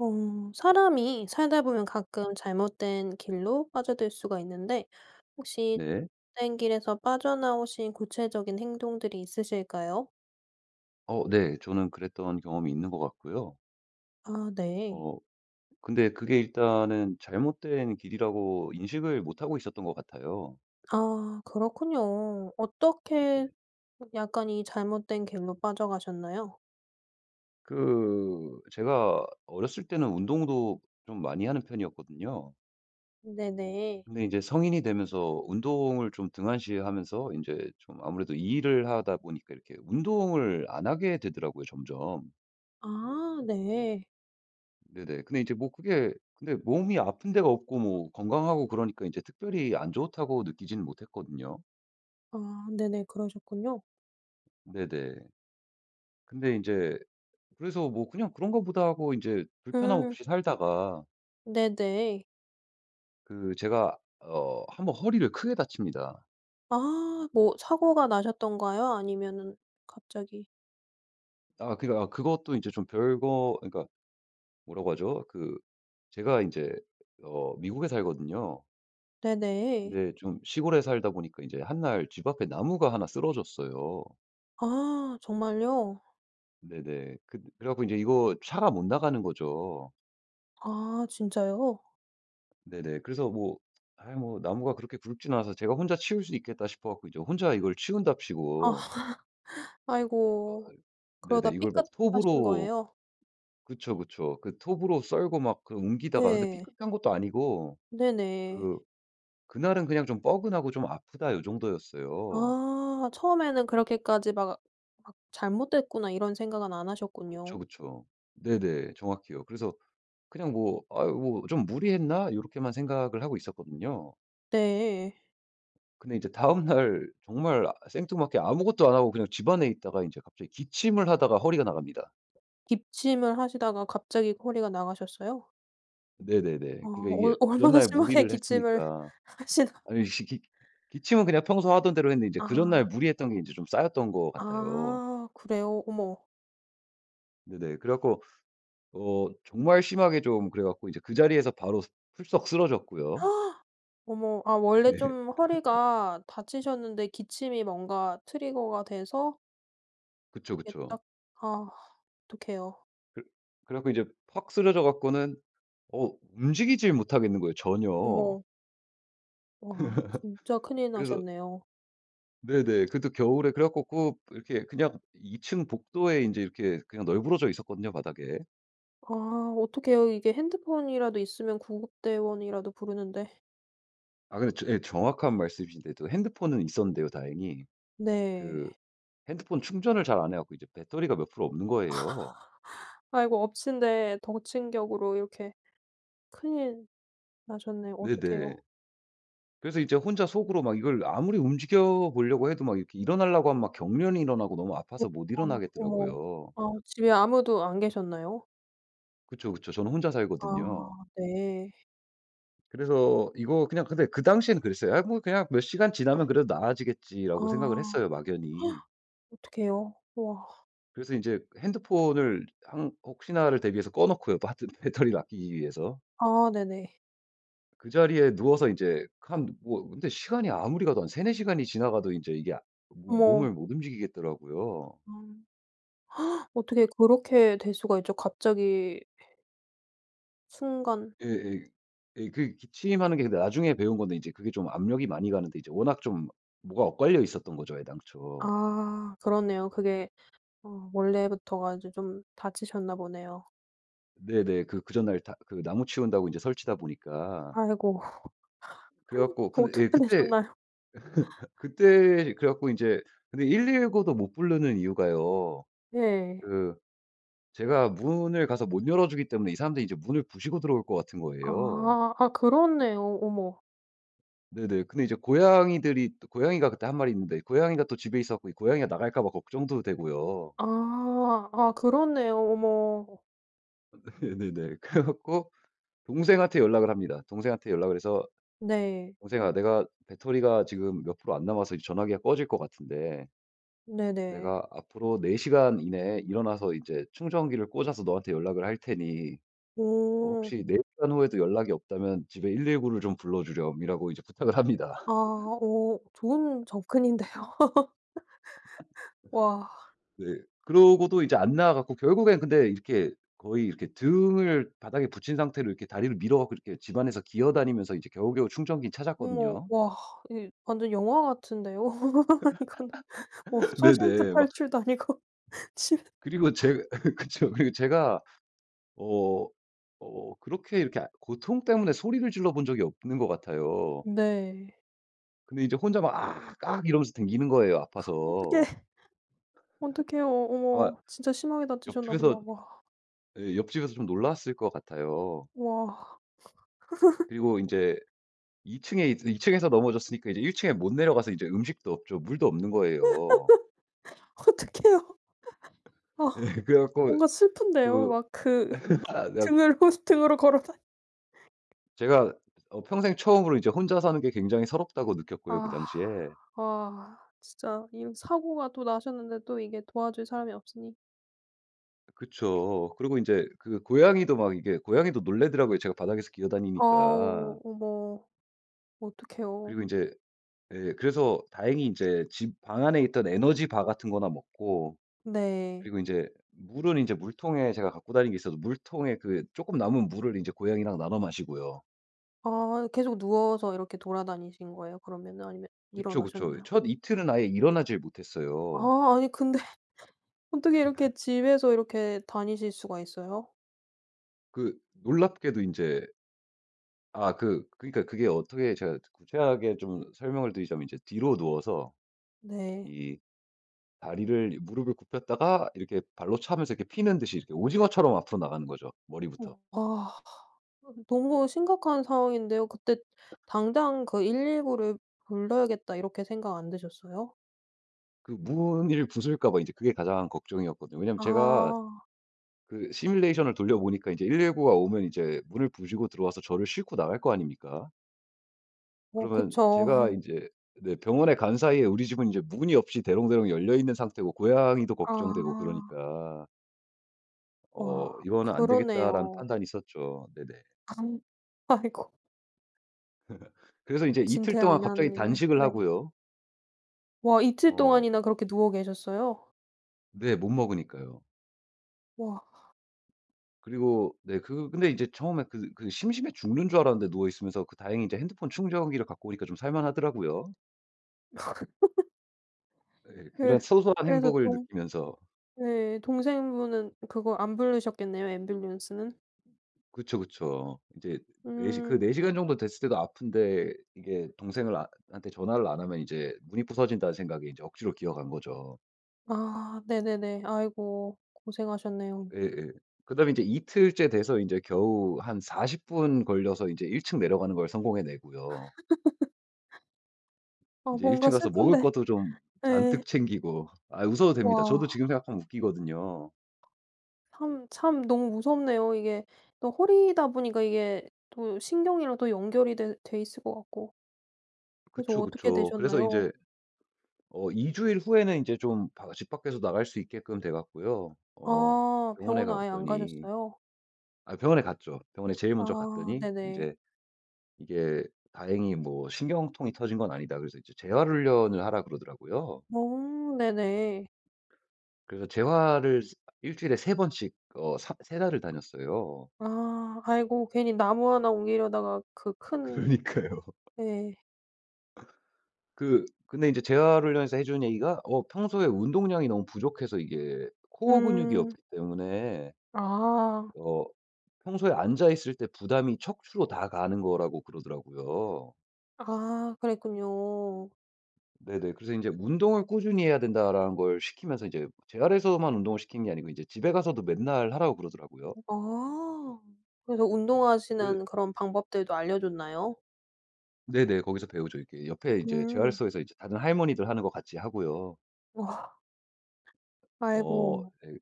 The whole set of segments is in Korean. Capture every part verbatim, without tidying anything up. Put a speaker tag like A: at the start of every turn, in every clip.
A: 어 사람이 살다 보면 가끔 잘못된 길로 빠져들 수가 있는데 혹시
B: 네.
A: 잘못된 길에서 빠져나오신 구체적인 행동들이 있으실까요?
B: 어 네. 저는 그랬던 경험이 있는 것 같고요.
A: 아 네.
B: 어 근데 그게 일단은 잘못된 길이라고 인식을 못하고 있었던 것 같아요.
A: 아 그렇군요.
B: 네네.
A: 어떻게 약간 이 잘못된 길로 빠져 가셨나요?
B: 그 제가 어렸을 때는 운동도 좀 많이 하는 편이었거든요.
A: 네네.
B: 근데 인제 성인이 되면서 운동을 좀 등한시 하면서 인제 좀 아무래도 일을 하다 보니까 이렇게 운동을 안 하게 되더라고요, 점점.
A: 아 네.
B: 네네. 근데 이제 뭐 그게 근데 몸이 아픈 데가 없고 뭐 건강하고 그러니까 이제 특별히 안 좋다고 느끼지는 못했거든요.
A: 아 네네. 그러셨군요.
B: 네네. 근데 인제 그래서 뭐 '그냥 그런가 보다.' 하고 인제 불편함
A: 음.
B: 없이 살다가
A: 네네.
B: 그 제가 어 한번 허리를 크게 다칩니다.
A: 아 뭐 사고가 나셨던가요 아니면은 갑자기?
B: 아. 그러니까 어 그것도 인제 좀 별거 그러니까 뭐라고 하죠? 그 제가 인제 어 미국에 살거든요.
A: 네네.
B: 근데 좀 시골에 살다 보니까 인제 한날 집 앞에 나무가 하나 쓰러졌어요.
A: 아 정말요?
B: 네네. 그 그래 갖고 인제 이거 차가 못 나가는 거죠.
A: 아 진짜요?
B: 네네. 그래서 뭐 아이 뭐 나무가 그렇게 굵지는 않아서 제가 '혼자 치울 수 있겠다.' 싶어 갖고 이제 혼자 이걸
A: 아.
B: 치운답시고 아이.
A: 아이고. 그러다
B: 네네. 이걸 막
A: 삐끗하신
B: 톱으로
A: 거예요?
B: 그쵸, 그쵸. 그 톱으로 썰고 막 그 옮기다가 근데
A: 예.
B: 삐끗한 것도 아니고
A: 네네.
B: 그 그날은 그냥 '좀 뻐근하고 좀 아프다.' 요 정도였어요.
A: 아. 처음에는 그렇게까지 막 막 '잘못됐구나.' 이런 생각은 안
B: 그쵸,
A: 하셨군요.
B: 그쵸. 네네. 정확히요. 그래서 그냥 뭐 '아이 뭐 좀 무리했나?' 요렇게만 생각을 하고 있었거든요.
A: 네.
B: 근데 이제 다음날 정말 생뚱맞게 아무것도 안 하고 그냥 집안에 있다가 인제 갑자기 기침을 하다가 허리가 나갑니다.
A: 기침을 하시다가 갑자기 허리가 나가셨어요?
B: 네네네.
A: 아.
B: 그러니까 이게
A: 얼
B: 그
A: 얼마나
B: 전날
A: 심하게
B: 무리를
A: 기침을
B: 했으니까.
A: 하시다
B: 아니 지 기 기침은 그냥 평소 하던 대로 했는데 이제 그 전날
A: 아.
B: 무리했던 게 인제 좀 쌓였던 것 같아요.
A: 아 그래요? 어머.
B: 네네. 그래 갖고 어 정말 심하게 좀 그래 갖고 이제 그 자리에서 바로 스 풀썩 쓰러졌고요.
A: 어머. 아 원래
B: 예.
A: 좀 허리가 다치셨는데 기침이 뭔가 트리거가 돼서
B: 그쵸,
A: 그게
B: 그쵸.
A: 딱. 아 어떡해요.
B: 그 그래 갖고 이제 팍 쓰러져 갖고는 어 움직이질 못하겠는 거예요 전혀.
A: 어머. 와. 진짜 큰일
B: 그래서
A: 나셨네요.
B: 네네. 그것도 겨울에. 그래 갖고 꼭 이렇게 그냥 이 층 복도에 인제 이렇게 그냥 널부러져 있었거든요 바닥에.
A: 아. 어떡해요. 이게 핸드폰이라도 있으면 구급대원이라도 부르는데.
B: 아. 근데 저 예 정확한 말씀이신데 또 핸드폰은 있었는데요 다행히.
A: 네.
B: 그 핸드폰 충전을 잘 안 해 갖고 이제 배터리가 몇 프로 없는 거예요.
A: 아이고. 엎친 데 덮친 격으로 이렇게 큰일 나셨네요. 어떡해요.
B: 네네. 그래서 이제 혼자 속으로 막 이걸 아무리 움직여 보려고 해도 막 이렇게 일어나려고 하면 막 경련이 일어나고 너무 아파서 못
A: 그랬구나. 어머.
B: 일어나겠더라고요.
A: 아 집에 아무도 안 계셨나요?
B: 그쵸, 그쵸. 저는 혼자
A: 아.
B: 살거든요.
A: 네.
B: 그래서 이거 그냥 근데 그 당시에는 그랬어요. '아 뭐 그냥 몇 시간 지나면 그래도
A: 아.
B: 나아지겠지.'라고 생각을 했어요 막연히.
A: 어떡해요? 우와.
B: 그래서 인제 핸드폰을 항 혹시나를 대비해서 꺼 놓고요 또 하여튼 배터리를 아끼기 위해서.
A: 아 네네.
B: 그 자리에 누워서 이제 한 뭐 근데 시간이 아무리 가도 한 세네 시간이 지나가도 인제 이게 아 모
A: 어머.
B: 몸을 못 움직이겠더라고요.
A: 엄. 어떻게 그렇게 될 수가 있죠? 갑자기 순간
B: 예예 예. 그 기침하는 게 근데 나중에 배운 건데 이제 그게 좀 압력이 많이 가는데 이제 워낙 좀 뭐가 엇갈려 있었던 거죠 애당초.
A: 아. 그렇네요. 그게 어 원래부터가 이제 좀 다치셨나 보네요.
B: 네네. 그 그 전날 다 그 나무 치운다고 인제 설치다 보니까.
A: 아이고.
B: 그래 갖고 근데 예
A: 어떻게
B: 그때
A: 되셨나요?
B: 그때 그래 갖고 인제 근데 119도 못 부르는 이유가요.
A: 네.
B: 그 제가 문을 가서 못 열어 주기 때문에 이 사람들이 이제 문을 부수고 들어올 것 같은 거예요.
A: 아. 아 그렇네요. 어머.
B: 네네. 근데 이제 고양이들이 또 고양이가 그때 한 마리 있는데 고양이가 또 집에 있어 갖고 이 고양이가 나갈까 봐 걱정도 되고요.
A: 아. 아 그렇네요. 어머.
B: 네. 네네. 그래 갖고 동생한테 연락을 합니다. 동생한테 연락을 해서
A: 네.
B: "동생아. 내가 배터리가 지금 몇 프로 안 남아서 이제 전화기가 꺼질 것 같은데
A: 네네.
B: 내가 앞으로 네 시간 이내에 일어나서 이제 충전기를 꽂아서 너한테 연락을 할 테니 뭐
A: 어.
B: 혹시 네 시간 후에도 연락이 없다면 집에 일일구 를 좀 불러 주렴."이라고 이제 부탁을 합니다.
A: 아. 오. 좋은 접근인데요. 와.
B: 네. 그러고도 이제 안 나아 갖고 결국엔 근데 이렇게 거의 이렇게 등을 바닥에 붙인 상태로 이렇게 다리를 밀어 갖고 이렇게 집 안에서 기어 다니면서 이제 겨우겨우 충전기는
A: 어머.
B: 찾았거든요.
A: 와. 이게 완전 영화 같은데요. 이거는 뭐 쇼생크
B: 네네. 막
A: 탈출도 아니고. 출
B: 그리고 제 그쵸. 그리고 제가 어 어 그렇게 이렇게 고통 때문에 소리를 질러 본 적이 없는 것 같아요.
A: 네.
B: 근데 이제 혼자 막 "악악" 이러면서 다니는 거예요, 아파서.
A: 어떡해. 어떡해요.
B: 아마
A: 어머. 진짜 심하게 다치셨나 보다.
B: 옆집에서
A: 와.
B: 예 옆집에서 좀 놀랐을 것 같아요.
A: 와.
B: 그리고 인제 이 층에 이제 이 층에서 넘어졌으니까 이제 일 층에 못 내려가서 이제 음식도 없죠. 물도 없는 거예요.
A: 어떡해요. 아
B: 예. 그래 갖고
A: 뭔가 슬픈데요.
B: 그
A: 막 그
B: 아 네 약
A: 등을 호스 등으로 걸어 다
B: 제가 어 평생 처음으로 이제 '혼자 사는 게 굉장히 서럽다.'고
A: 아.
B: 느꼈고요, 그 당시에.
A: 아 진짜 이런 사고가 또 나셨는데 또 이게 도와줄 사람이 없으니.
B: 그쵸. 그러고 인제 그 고양이도 막 이렇게 고양이도 놀라더라고요, 제가 바닥에서 기어 다니니까.
A: 아우 어머. 어떡해요.
B: 그리고 인제 예 그래서 다행히 인제 집 방 안에 있던 에너지 바 같은 거나 먹고
A: 네.
B: 그리고 인제 물은 인제 물통에 제가 갖고 다니는 게 있어서 물통에 그 쪼끔 남은 물을 인제 고양이랑 나눠 마시고요.
A: 아 계속 누워서 이렇게 돌아다니신 거예요? 그러면은 아니면
B: 그쵸, 그쵸. 이
A: 일어나셨나요?
B: 첫 이틀은 아예 일어나질 못했어요.
A: 아 아니 근데 어떻게 이렇게 집에서 이렇게 다니실 수가 있어요?
B: 그 놀랍게도 인제 아 그 그니까 그게 어떻게 제가 구체하게 좀 설명을 드리자면 인제 뒤로 누워서
A: 네.
B: 이 다리를 이 무릎을 굽혔다가 이렇게 발로 차면서 이렇게 피는 듯이 이렇게 오징어처럼 앞으로 나가는 거죠, 머리부터.
A: 어. 아. 아 너무 심각한 상황인데요. 그때 '당장 그 일일구 를 불러야겠다.' 이렇게 생각 안 드셨어요?
B: 그 문을 부술까 봐 이제 그게 가장 걱정이었거든요. 왜냐하면 제가
A: 아.
B: 그 시뮬레이션을 돌려 보니까 이제 일일구 가 오면 이제 문을 부수고 들어 와서 저를 싣고 나갈 거 아닙니까?
A: 어
B: 그러면
A: 그쵸.
B: 제가 인제 네 병원에 간 사이에 우리 집은 인제 문이 없이 대롱대롱 열려 있는 상태고 고양이도 걱정되고
A: 아.
B: 그러니까
A: 와
B: 어 '이거는 안되겠다.'라는
A: 그러네요.
B: 판단이 섰죠. 네네.
A: 아이고.
B: 그래서 이제 이틀 동안 갑자기
A: 진퇴양난이네요.
B: 단식을
A: 네.
B: 하고요.
A: 와. 이틀
B: 어.
A: 동안이나 그렇게 누워 계셨어요?
B: 네. 못 먹으니까요.
A: 와.
B: 그리고 네 그 근데 이제 처음에 그 그 심심해 죽는 줄 알았는데 누워 있으면서 그 다행히 이제 핸드폰 충전기를 갖고 오니까 좀 살 만하더라고요. 네.
A: 그
B: 그런 소소한
A: 그래서
B: 행복을
A: 좀
B: 느끼면서
A: 네. 동생분은 그거 안 부르셨겠네요, 앰뷸런스는?
B: 그쵸, 그쵸. 인제 네 시 그
A: 음.
B: 네 시간 정도 됐을 때도 아픈데 이게 동생을 아 한테 전화를 안 하면 '이제 문이 부서진다.'는 생각에 인제 억지로 기어간 거죠.
A: 아 네네네. 아이고. 고생하셨네요.
B: 예예. 그다음에 인제 이틀째 돼서 인제 겨우 한 사십 분 걸려서 이제 일 층 내려가는 걸 성공해내고요.
A: 어
B: 인제 일
A: 뭔가
B: 층 가서 먹을
A: 슬픈데.
B: 것도 좀 잔뜩
A: 네.
B: 챙기고 아 웃어도 됩니다. 저도
A: 와.
B: 지금 생각하면 웃기거든요.
A: 참 참 너무 무섭네요. 이게 또 허리다 보니까 이게 또 신경이랑도 연결이 돼 돼 있을 것 같고. 그래서
B: 그쵸,
A: 어떻게
B: 그쵸. 그래서
A: 되셨나요?
B: 인제 어 이 주일 후에는 인제 좀 바 집 밖에서 나갈 수 있게끔 돼 갖고요. 어
A: 아
B: 병원에
A: 병원은
B: 가
A: 아예 안
B: 봤더니
A: 가셨어요?
B: 아 병원에 갔죠. 병원에 제일 먼저
A: 아
B: 갔더니
A: 네네.
B: 인제 이게 "다행히 뭐 신경통이 터진 건 아니다." 그래서 인제 "재활 훈련을 하라."고 그러더라고요.
A: 어 네네.
B: 그래서 재활을 세 일 주일에 세 번씩 어 사 세 달을 다녔어요.
A: 아 아이고. 괜히 나무 하나 옮기려다가 그 큰
B: 그러니까요.
A: 네.
B: 그 근데 인제 재활 훈련에서 해 준 얘기가 어 평소에 운동량이 너무 부족해서 이게 코어 근육이
A: 음.
B: 없기 때문에
A: 아.
B: 어 평소에 앉아 있을 때 부담이 척추로 다 가는 거라고 그러더라고요.
A: 아 그랬군요.
B: 네네. 그래서 인제 "운동을 꾸준히 해야 된다."라는 걸 시키면서 인제 재활에서만 운동을 시키는 게 아니고 인제 집에 가서도 맨날 하라고 그러더라고요.
A: 아. 그래서
B: 그래
A: 운동하시는 그런 방법들도 알려줬나요?
B: 네네. 거기서 배우죠. 이렇게 옆에 이제
A: 음.
B: 재활소에서 이제 다른 할머니들 하는 것 같이 하고요.
A: 와.
B: 어
A: 아이고.
B: 예.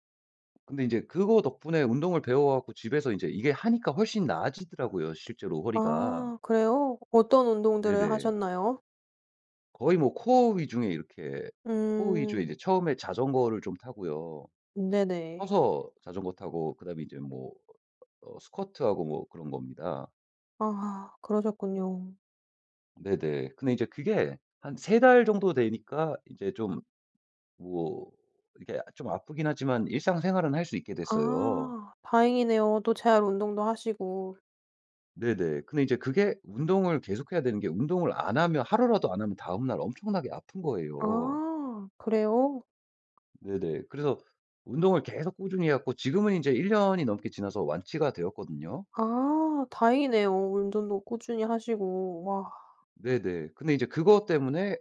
B: 근데 인제 그거 덕분에 운동을 배워 갖고 집에서 인제 이게 하니까 훨씬 나아지더라고요, 실제로 허리가.
A: 아 그래요? 어떤 운동들을
B: 네네.
A: 하셨나요?
B: 거의 뭐 코어 위중의 이렇게 코어 위주의
A: 음.
B: 이제 처음에 자전거를 좀 타고요.
A: 네네.
B: 서서 자전거 타고 그다음에 이제 뭐 어 스쿼트하고 뭐 그런 겁니다.
A: 아 그러셨군요.
B: 네네. 근데 이제 그게 한 세 달 정도 되니까 이제 좀 뭐 이게 좀 아프긴 하지만 일상생활은 할 수 있게 됐어요.
A: 아 다행이네요. 또 재활 운동도 하시고.
B: 네네. 근데 이제 그게 운동을 계속해야 되는 게 운동을 안 하면 하루라도 안 하면 다음날 엄청나게 아픈 거예요.
A: 아 그래요?
B: 네네. 그래서 운동을 계속 꾸준히 해 갖고 지금은 이제 일 년이 넘게 지나서 완치가 되었거든요.
A: 아 다행이네요. 운동도 꾸준히 하시고. 와.
B: 네네. 근데 이제 그거 때문에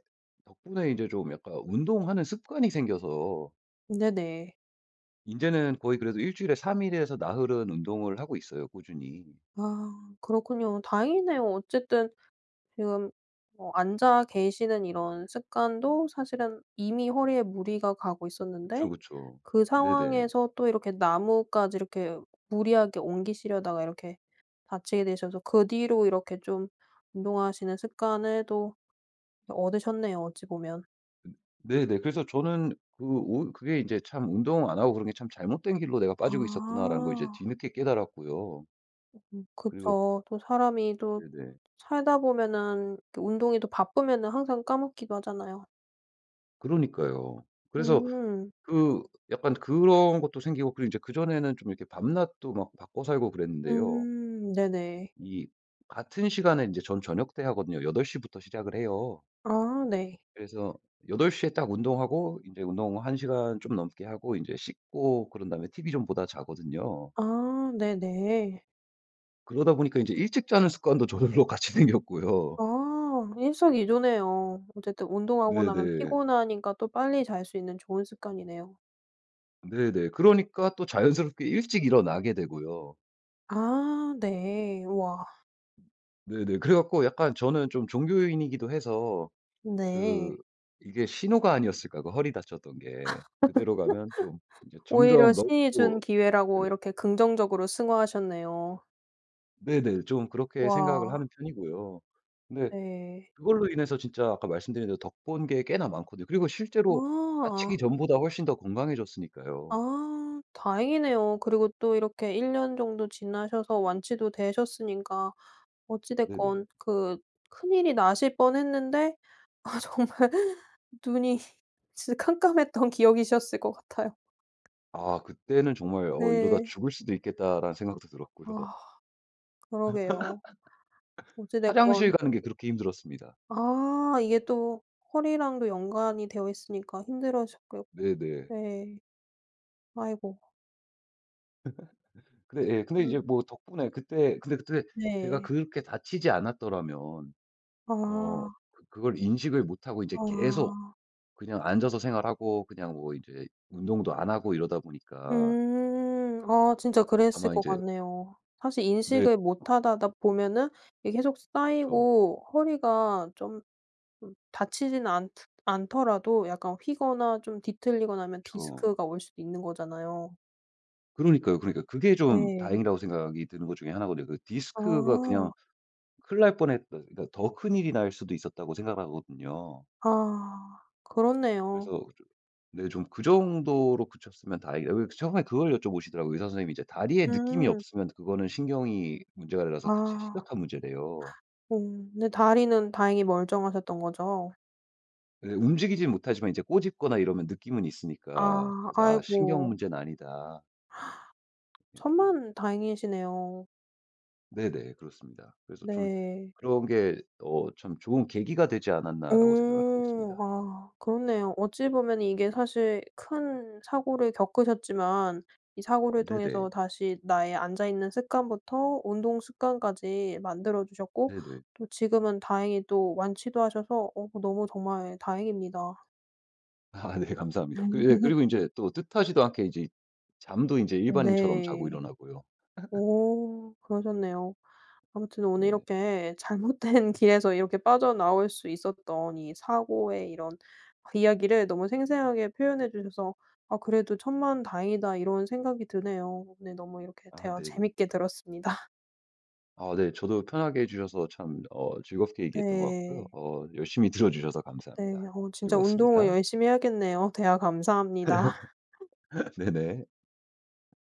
B: 덕분에 인제 좀 약간 운동하는 습관이 생겨서
A: 네네.
B: 인제는 거의 그래도 일 주일에 삼 일에서 나흘은 운동을 하고 있어요, 꾸준히.
A: 아 그렇군요. 다행이네요. 어쨌든 지금 뭐 앉아 계시는 이런 습관도 사실은 이미 허리에 무리가 가고
B: 그쵸,
A: 있었는데
B: 그쵸.
A: 그
B: 네네.
A: 상황에서 또 이렇게 나무까지 이렇게 무리하게 옮기시려다가 이렇게 다치게 되셔서 그 뒤로 이렇게 좀 운동하시는 습관을 또 얻으셨네요, 어찌 보면.
B: 네네. 그래서 저는 그 오 그게 이제 참 운동을 안 하고 그런 게 참 '잘못된 길로 내가 빠지고 있었구나.'라는 걸 이제
A: 아.
B: 뒤늦게 깨달았고요.
A: 음
B: 그리고
A: 그쵸. 또 사람이 또
B: 네네.
A: 살다 보면은 그 운동이 또 바쁘면은 항상 까먹기도 하잖아요.
B: 그러니까요. 그래서
A: 음.
B: 그 약간 그런 것도 생기고 그리고 인제 그전에는 좀 이렇게 밤낮도 막 바꿔 살고 그랬는데요.
A: 음. 네네.
B: 이 같은 시간에 인제 전 저녁 때 하거든요. 여덟 시부터 시작을 해요.
A: 아 네.
B: 그래서 여덟 시에 딱 운동하고 인제 운동 한 시간 좀 넘게 하고 인제 씻고 그런 다음에 TV 좀 보다 자거든요.
A: 아 네네.
B: 그러다 보니까 인제 일찍 자는 습관도 저절로 같이 생겼고요.
A: 아 일석이조네요. 어쨌든 운동하고 나면
B: 네네.
A: 피곤하니까 또 빨리 잘 수 있는 좋은 습관이네요.
B: 네네. 그러니까 또 자연스럽게 일찍 일어나게 되고요.
A: 아 네. 우와.
B: 네네. 그래 갖고 약간 저는 좀 종교인이기도 해서 그
A: 네.
B: '이게 신호가 아니었을까? 그 허리 다쳤던 게.' 그대로 가면 좀 인제
A: '오히려
B: 점점 [unintelligible]
A: 신이 준
B: 고
A: 기회'라고
B: 예.
A: 이렇게 긍정적으로 승화하셨네요.
B: 네네. 좀 그렇게 생각을
A: 와.
B: 하는 편이고요. 근데
A: 네.
B: 그걸로 인해서 진짜 아까 말씀드린 대로 덕 본 게 꽤나 많거든요. 그리고 실제로
A: 와.
B: 다치기 전보다 훨씬 더 건강해졌으니까요.
A: 아 다행이네요. 그리고 또 이렇게 일 년 정도 지나셔서 완치도 되셨으니까 어찌
B: 네네.
A: 됐건 그 큰일이 나실 뻔 했는데 아 정말 눈이 진짜 캄캄했던 기억이셨을 것 같아요.
B: 아 그때는 정말 '어 이러다
A: 네.
B: 죽을수도 있겠다.'라는 생각도
A: 아
B: 들었고요.
A: 그러게요. 어찌
B: 화장실
A: 됐건
B: 가는 게 그렇게 힘들었습니다.
A: 아 이게 또 허리랑도 연관이 되어 있으니까 힘들어졌겠
B: 네네.
A: 네. 아이고.
B: 근데 예 근데 이제
A: 음.
B: 뭐 덕분에 그때 근데 그때 제가
A: 네.
B: 그렇게 다치지 않았더라면 어
A: 아.
B: 그 그걸 인식을 못 하고 인제 계속
A: 아.
B: 그냥 앉아서 생활하고 그냥 뭐 이제 운동도 안 하고 이러다 보니까
A: 음. 아 진짜 그랬을
B: 아마
A: 거
B: 인제
A: 같네요. 사실
B: 네.
A: 인식을 못 하다다 보면은 이게 계속
B: 그쵸.
A: 쌓이고 허리가 좀 좀 다치지는 않드 않더라도 약간 휘거나 좀 뒤틀리거나 하면
B: 그쵸.
A: 디스크가 올 수도 있는 거잖아요.
B: 그러니까요. 그러니까. 그게 좀
A: 예.
B: 다행이라고 생각이 드는 것 중에 하나 거든요. 그 디스크가 그냥
A: 아.
B: '큰일 날 뻔했다. 그것보다 더 큰일이 날 수도 있었다.'고 생각을 하거든요.
A: 아
B: 그래서
A: 그렇네요.
B: 좀 네 좀 '그 정도로 그쳤으면 다행이다.' 왜냐면 처음에 그걸 여쭤보시더라고요, 의사 선생님이. "이제 다리에 느낌이
A: 음.
B: 없으면 그거는 신경이 문제가
A: 아.
B: 돼서 그게 진짜 심각한 문제"래요.
A: 음 근데 다리는 다행히 멀쩡하셨던 거죠?
B: 예 움직이진 못하지만 이제 꼬집거나 이러면 느낌은 있으니까
A: 아.
B: 그래서 아 신경
A: 아이고.
B: 문제는 아니다. 예예.
A: 천만다행이시네요.
B: 네네. 그렇습니다. 그래서 좀
A: 네.
B: 그런 게 어 참 '좋은 계기가 되지 않았나?'라고 생각을 하고
A: 오
B: 있습니다.
A: 아 그렇네요. 어찌 보면은 이게 사실 큰 사고를 겪으셨지만 이 사고를
B: 네네.
A: 통해서 다시 나의 앉아 있는 습관부터 운동 습관까지 만들어 주셨고
B: 네네.
A: 또 지금은 다행히 또 완치도 하셔서 어 너무 정말 다행입니다.
B: 아 네 감사합니다. 그리 예 그리고 인제 또 뜻하지도 않게 이제 잠도 인제
A: 음
B: 일반인처럼 자고
A: 네.
B: 일어나고요.
A: 오 그러셨네요. 아무튼 오늘
B: 네네.
A: 이렇게 잘못된 길에서 이렇게 빠져나올 수 있었던 이 사고의 이런 이야기를 너무 생생하게 표현해 주셔서 아 그래도 '천만다행이다.' 이런 생각이 드네요. 네 너무 이렇게
B: 아
A: 대화
B: 네네.
A: 재밌게 들었습니다.
B: 아 네. 저도 편하게 해 주셔서 참 어 즐겁게 얘기했던 것 같고요.
A: 네.
B: 어 열심히 들어 주셔서
A: 네.
B: 감사합니다.
A: 어 진짜 운동을
B: 즐거웠습니다.
A: 열심히 해야겠네요. 대화 감사합니다.
B: 네네.